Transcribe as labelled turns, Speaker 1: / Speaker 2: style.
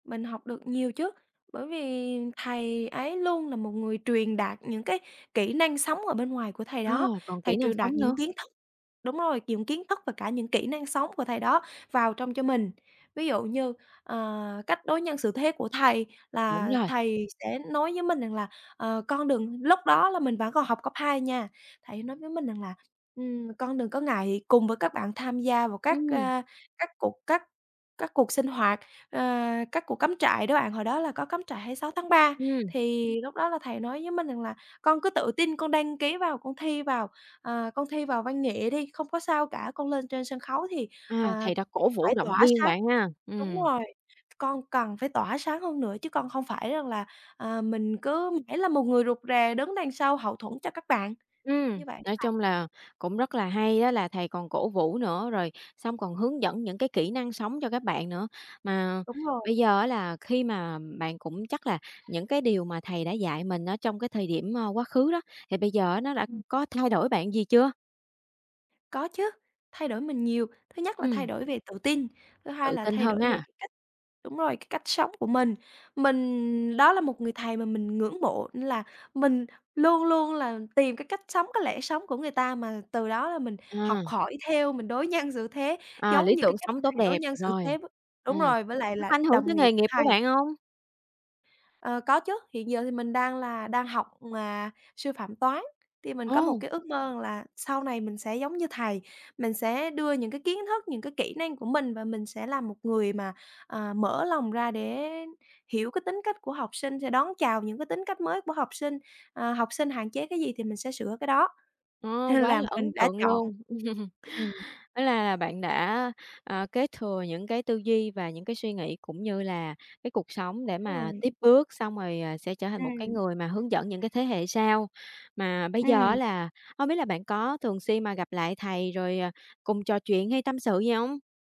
Speaker 1: Mình học được nhiều chứ. Bởi vì thầy ấy luôn là một người truyền đạt những cái kỹ năng sống ở bên ngoài của thầy
Speaker 2: Ờ,
Speaker 1: đó,
Speaker 2: còn
Speaker 1: thầy
Speaker 2: kỹ năng
Speaker 1: truyền đạt
Speaker 2: sống
Speaker 1: những
Speaker 2: nữa.
Speaker 1: kiến thức đúng rồi, những kiến thức và cả những kỹ năng sống của thầy đó vào trong cho mình. Ví dụ như, ờ, cách đối nhân xử thế của thầy
Speaker 2: Đúng
Speaker 1: là
Speaker 2: rồi.
Speaker 1: thầy sẽ nói với mình rằng là "Ờ, con đừng" lúc đó là mình vẫn còn học cấp 2 nha, thầy ấy nói với mình rằng là "Ừm, con đừng có ngại cùng với các bạn thân tham gia vào các,
Speaker 2: Ừm.
Speaker 1: a, các cuộc các các cuộc sinh hoạt." Ờ, các cuộc cắm trại đó bạn, hồi đó là có cắm trại 26 tháng 3,
Speaker 2: Ừm.
Speaker 1: thì lúc đó là thầy nói với mình rằng là "Con cứ tự tin con đăng ký vào, con thi vào, à, con thi vào văn nghệ đi, không có sao cả, con lên trên sân khấu thì,
Speaker 2: À,
Speaker 1: à,
Speaker 2: thầy đã cổ vũ,
Speaker 1: phải
Speaker 2: động
Speaker 1: tỏa
Speaker 2: viên
Speaker 1: sáng",
Speaker 2: bạn ha?
Speaker 1: đúng
Speaker 2: Ừm.
Speaker 1: rồi, "C con cần phải tỏa sáng hơn nữa chứ con không phải rằng là, à, mình cứ mãi là một người rụt rè đứng đằng sau hậu thuẫn cho các bạn."
Speaker 2: Ừm,
Speaker 1: Như vậy á
Speaker 2: nói
Speaker 1: bạn.
Speaker 2: chung là cũng rất là hay á, là thầy còn cổ vũ nữa, rồi xong còn hướng dẫn những cái kỹ năng sống cho các bạn nữa. Mà
Speaker 1: Đúng rồi.
Speaker 2: bây giờ á là khi mà bạn cũng chắc là những cái điều mà thầy đã dạy mình ở trong cái thời điểm, ờ, quá khứ đó, thì bây giờ á nó đã
Speaker 1: Ừm.
Speaker 2: có thay đổi bạn gì chưa?
Speaker 1: Có chứ, thay đổi mình nhiều. Thứ nhất là thay
Speaker 2: Ừm.
Speaker 1: đổi về tự tin, thứ hai
Speaker 2: Tự
Speaker 1: là
Speaker 2: tin
Speaker 1: thay
Speaker 2: hơn
Speaker 1: đổi về
Speaker 2: ha.
Speaker 1: cái cách đúng rồi, cái cách sống của mình. Mình đó là một người thầy mà mình ngưỡng mộ, nên là mình luôn luôn là tìm cái cách sống, cái lẽ sống của người ta mà từ đó là mình học
Speaker 2: À.
Speaker 1: hỏi theo, mình đối nhân xử thế
Speaker 2: À,
Speaker 1: giống
Speaker 2: lý
Speaker 1: như cái
Speaker 2: tưởng
Speaker 1: cách mà
Speaker 2: sống
Speaker 1: thầy
Speaker 2: tốt
Speaker 1: đối
Speaker 2: đẹp,
Speaker 1: nhân xử
Speaker 2: rồi.
Speaker 1: thế với đúng
Speaker 2: Ừm,
Speaker 1: rồi, với lại
Speaker 2: nó
Speaker 1: là
Speaker 2: có ảnh hưởng
Speaker 1: đồng
Speaker 2: tới
Speaker 1: nghiệp
Speaker 2: nghề
Speaker 1: của
Speaker 2: nghiệp của
Speaker 1: thầy.
Speaker 2: bạn hông?
Speaker 1: Ờ, có chứ, hiện giờ thì mình đang là đang học, à, sư phạm toán thì mình có một
Speaker 2: Ồ!
Speaker 1: cái ước mơ rằng là sau này mình sẽ giống như thầy, mình sẽ đưa những cái kiến thức, những cái kỹ năng của mình và mình sẽ là một người mà, à, mở lòng ra để hiểu cái tính cách của học sinh, sẽ đón chào những cái tính cách mới của học sinh. Ờ, học sinh hạn chế cái gì thì mình sẽ sửa cái đó,
Speaker 2: Ồ,
Speaker 1: nên
Speaker 2: quá
Speaker 1: là
Speaker 2: là ấn
Speaker 1: mình đã
Speaker 2: tượng
Speaker 1: chọn
Speaker 2: luôn.
Speaker 1: ừm.
Speaker 2: Hóa la là bạn đã, à, kế thừa những cái tư duy và những cái suy nghĩ, cũng như là cái cuộc sống để mà
Speaker 1: Rồi.
Speaker 2: tiếp bước, xong rồi, à, sẽ trở thành một cái
Speaker 1: Ừm.
Speaker 2: người mà hướng dẫn những cái thế hệ sau. Mà bây giờ á
Speaker 1: Ừm.
Speaker 2: là hông biết là bạn có thường xuyên mà gặp lại thầy rồi, ờ, cùng trò chuyện hay tâm sự gì hông?